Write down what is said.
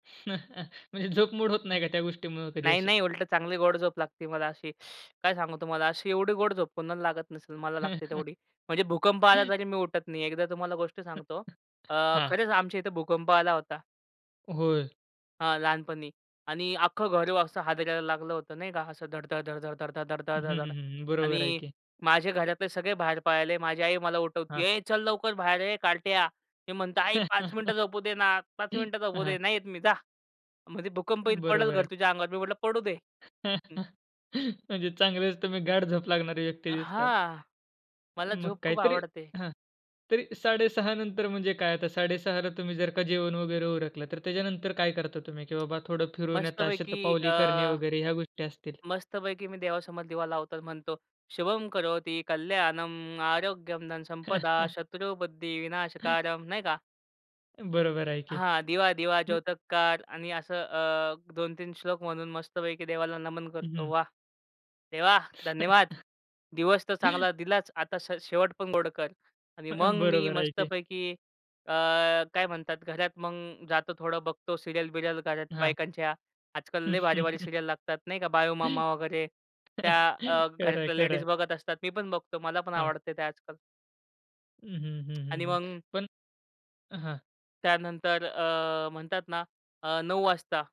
म्हणजे झोप मोड होत नाही का त्या गोष्टीमुळं कधी नाही अशी? नाही उलटं चांगली गोड झोप लागते मला अशी. काय सांगू तुम्हाला अशी एवढी गोड झोप कोणाला लागत नसेल, मला लागते तेवढी. म्हणजे भूकंप आला तरी मी उठत नाही. एकदा तुम्हाला गोष्ट सांगतो. अ, हां. खरंच आमच्या इथे भूकंप आला होता. होय. हां, लहानपणी आणि अख्खं घर असं हादरायला लागलं होतं नाही का असं धडधड धड धड धड धड धड हं, धड हं, धड-धड हं, हं. बरोबर आहे आणि की. माझे घरातले सगळे बाहेर पाळले. माझी आई मला उठवती, हां. "ए चल लवकर बाहेर ये कार्ट्या." मी म्हणतो, "आई 5 मिनिटं झोपू दे ना, 5 मिनिटं झोपू हां. दे. नाही येत मी जा." म्हटली, "भूकंप येईल, पडल बरोबर घर आहे. तुझ्या अंगावर." मी म्हंटलं, "पडू दे." म्हणजे चांगलेच तुम्ही गाढ झोप लागणारे व्यक्ती दिसत आहे. हां, मला मग झोप खूप काहीतरी आवडते. हां, तरी 6:30 नंतर म्हणजे काय? आता 6:30ला तुम्ही जर का जेवण वगैरे उरकलं, तर त्याच्यानंतर काय करता तुम्ही, की बाबा थोडं फिरून येता, मस्तपैकी शतपावली अ, करणे वगैरे ह्या गोष्टी असतील? मस्तपैकी मी देवासमोर दिवा लावतो आणि म्हणतो, शुभं करोति कल्याणम आरोग्यम धन संपदा शत्रु बुद्धि विनाशकारम. नाही का. बरोबर आहे की हां, दिवा दिवा मग ज्योतकार आणि असं अ, 2-3 श्लोक म्हणून मस्तपैकी देवाला नमन करतो. हं. वाह! देवा, धन्यवाद. दिवस तर चांगला दिलाच आता स शेवट पण गोड कर आणि मग हं, मी बरोबर आहे की. मस्तपैकी अ, काय म्हणतात घरात मग जातो, थोडं बघतो सीरियल बिरियल घरात हां. बायकांच्या. आजकाल लय भारी-भारी सीरियल लागतात नाही का बाळू मामा वगैरे, त्या अ, खरंय, घरातल्या लेडीज खरंय. बघत असतात. मी पण बघतो मला पण हां. आवडते ते आजकाल. हं, हं, हं, हं, आणि हं. मग पण हां. त्यानंतर अ, म्हणतात ना अ, 9 वाजता.